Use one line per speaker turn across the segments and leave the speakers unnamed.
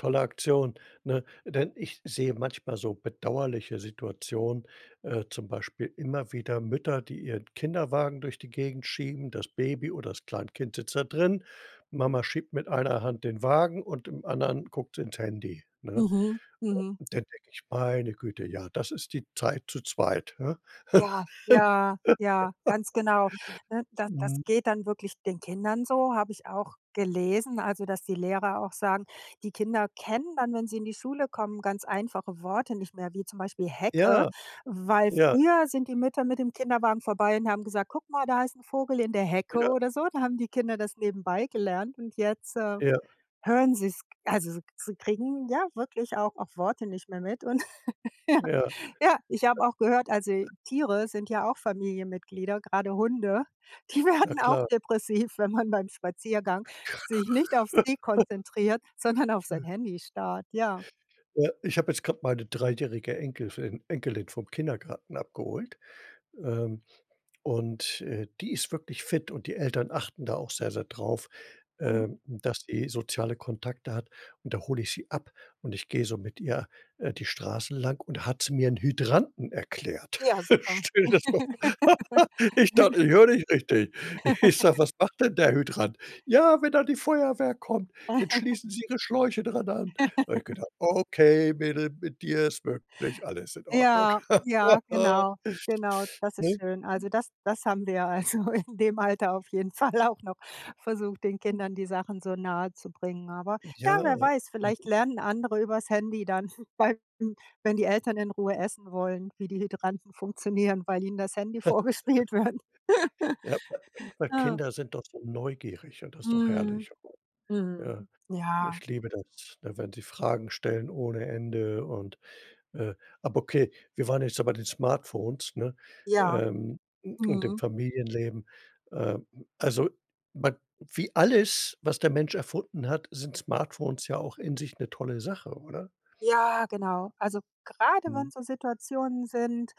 Tolle Aktion, ne? Denn ich sehe manchmal so bedauerliche Situationen, äh, zum Beispiel immer wieder Mütter, die ihren Kinderwagen durch die Gegend schieben. Das Baby oder das Kleinkind sitzt da drin. Mama schiebt mit einer Hand den Wagen und im anderen guckt sie ins Handy, ne?
Mhm. Mhm.
Und dann denke ich: „Meine Güte, ja, das ist die Zeit zu 2“, hä?
Ja. Ja. Ja. Ganz genau. Ne, da das
Mhm.
geht dann wirklich den Kindern so, habe ich auch gelesen also, dass die Lehrer auch sagen, die Kinder kennen dann, wenn sie in die Schule kommen, ganz einfache Worte nicht mehr, wie zum Beispiel Hecke,
Ja,
weil
ja.
früher sind die Mütter mit dem Kinderwagen vorbei und haben gesagt: „Guck mal, da ist 'n Vogel in der Hecke“,
Ja.
oder so. Da haben die Kinder das nebenbei gelernt und jetzt, äh,
Ja.
hören sie's also sie sie kriegen ja wirklich auch auch Worte nicht mehr mit und ja.
Ja.
Ja, ich habe auch gehört, also Tiere sind ja auch Familienmitglieder, gerade Hunde, die
Na
werden auch
klar.
depressiv, wenn man beim Spaziergang sich nicht auf sie konzentriert, sondern auf sein Handy starrt, ja.
Ja, ich habe jetzt gerade meine 3- jährige Enkel fi Enkelin vom Kindergarten abgeholt, ähm, und, äh, die ist wirklich fit und die Eltern achten da auch sehr, sehr drauf,
Mhm.
ähm, dass sie soziale Kontakte hat. Und, da hole ich sie ab und ich gehe so mit ihr, äh, die Straße lang und da hat sie mir 'n Hydranten erklärt.
Ja, super.
Stell dir das mal v ich dachte, ich höre nicht richtig. Ich sage: „Was macht denn der Hydrant?“ „Ja, wenn dann die Feuerwehr kommt, dann schließen sie Ihre Schläuche dran an.“ Habe ich gedacht: „Okay, Mädel, mit dir ist wirklich, alles in Ordnung.“
Ja, ja, genau. Genau, das ist
Ne?
schön. Also, das das haben wir also in dem Alter auf jeden Fall auch noch versucht, den Kindern die Sachen so nahezubringen. Aber, ja
Ja.
wer weiß, vielleicht lernen andere über's Handy dann, weil wenn die Eltern in Ruhe essen wollen, wie die Hydranten funktionieren, weil ihnen das Handy vorgespielt wird.
Ja, weil,
Ah.
Kinder sind doch so neugierig und das ist doch
Mhm.
herrlich. Ja,
Mhm. Ja.
ich liebe das, ne, wenn sie Fragen stellen ohne Ende und, äh aber okay, wir waren jetzt noch bei den Smartphones, ne,
Ja.
ähm, und dem
Mhm.
Familienleben. Ähm, also wa wie alles, was der Mensch erfunden hat, sind Smartphones ja auch in sich 'ne tolle Sache, oder?
Ja, genau. Also, gerade
Mhm.
wenn's so Situationen sind,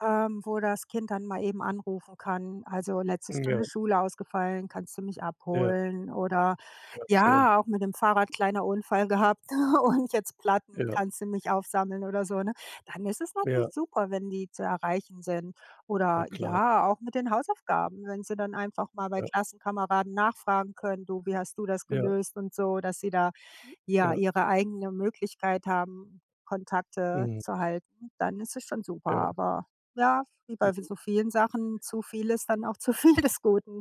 ähm, wo das Kind dann mal eben anrufen kann, also, letzte
Ja.
Stunde Schule ausgefallen, kannst du mich
Ja.
abholen? Oder
Ja, schön.
ja, auch mit dem Fahrrad kleiner Unfall gehabt und jetzt Platten,
Ja.
kannst du mich aufsammeln oder so, ne? Dann ist es
Ja.
natürlich super, wenn die zu erreichen sind.
Na
Oder
klar.
ja, auch mit den Hausaufgaben, wenn sie dann einfach mal bei
Ja.
Klassenkameraden nachfragen können: „Du, wie hast du das
Ja.
gelöst?“ und so, dass sie da, ja,
Ja.
ihre eigene Möglichkeit haben, Kontakte
Mhm.
zu halten, dann ist es schon super.
Ja.
Aber ja, wie bei
Mhm.
so vielen Sachen, zu viel ist dann auch zu viel des Guten.